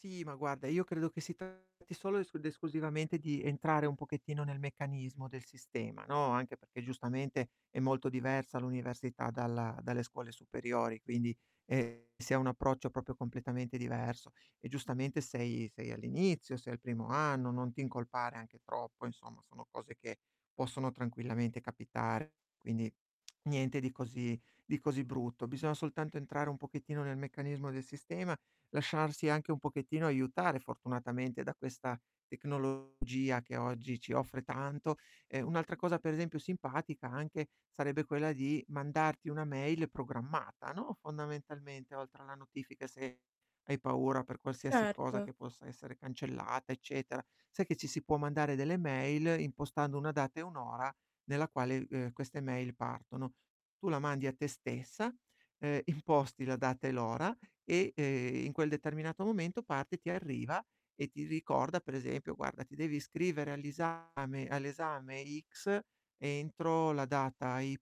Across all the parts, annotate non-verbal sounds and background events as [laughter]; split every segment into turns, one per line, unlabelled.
Sì, ma guarda, io credo che si tratti solo es ed esclusivamente, di entrare un pochettino nel meccanismo del sistema, no, anche perché giustamente è molto diversa l'università dalla dalle scuole superiori, quindi, ehm, si ha un approccio proprio completamente diverso. E giustamente sei sei all'inizio, sei al primo anno, non ti incolpare anche troppo insomma, sono cose che, possono tranquillamente capitare. Quindi, niente di così di così brutto, bisogna soltanto entrare un pochettino nel meccanismo del sistema, lasciarsi anche un pochettino aiutare, fortunatamente, da questa tecnologia che oggi ci offre tanto. E un'altra cosa per esempio simpatica, anche, sarebbe quella di mandarti una mail programmata, no, fondamentalmente oltre alla notifica, se hai paura per qualsiasi cosa
Certo.
che possa essere cancellata, eccetera, sai che ci si può mandare delle mail, impostando una data e un'ora nella quale, ehm, queste mail partono. Tu la mandi a te stessa, uhm, imposti la data e l'ora, e, ehm, in quel determinato momento parte, ti arriva e ti ricorda per esempio: "Guarda ti devi iscrivere agli esame all'esame X entro la data Y",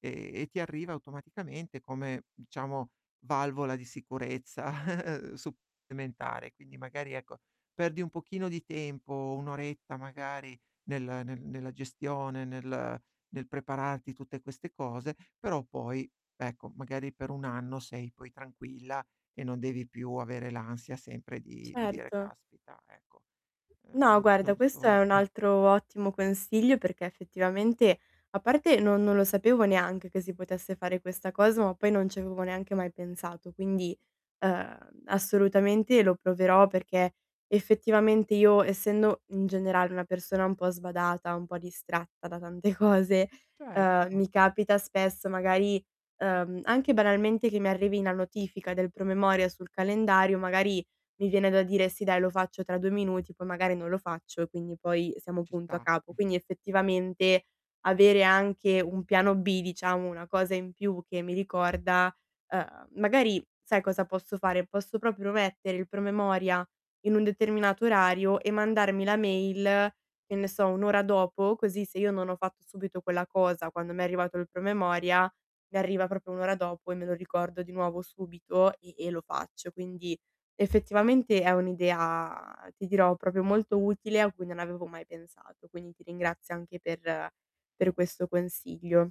e e ti arriva automaticamente come, diciamo valvola di sicurezza [chuckles] supplementare. Quindi magari ecco, perdi un pochino di tempo, 1 oretta magari nel ne nella gestione, nel nel prepararti tutte queste cose, però poi, ecco, magari per 1 anno sei poi tranquilla, e non devi più avere l'ansia sempre di di dire
Certo.
caspita ecco,
No
uhm,
guarda,
non
questo è
so
un
[chuckles]
altro ottimo consiglio, perché effettivamente, a parte no non lo sapevo neanche che si potesse fare questa cosa, ma poi non ci avevo neanche mai pensato quindi, ehm, assolutamente lo proverò, perché effettivamente, io essendo, mhmm, in generale, una persona un po' sbadata, un po' distratta da tante cose, ehm,
Certo.
mi capita spesso magari, uhm, anche banalmente che mi arrivi la notifica del promemoria sul calendario, magari mi viene da dire: "Sì dai, lo faccio tra 2 minuti", poi magari non lo faccio, e quindi poi siamo
Ci
punto a
sta.
capo.
[chuckles]
Quindi effettivamente, avere anche un piano B, diciamo, una cosa in più che mi ricorda, ehm, magari sai cosa posso fare? Posso proprio mettere il promemoria in un determinato orario, e mandarmi la mail, che ne so, 1 ora dopo, così se io non ho fatto subito quella cosa, quando m'è arrivato il promemoria, mi arriva proprio 1 ora dopo, e me lo ricordo di nuovo subito e e lo faccio. Quindi, effettivamente è un' idea, ti dirò, proprio molto utile a cui non avevo mai pensato, quindi ti ringrazio anche per per questo consiglio.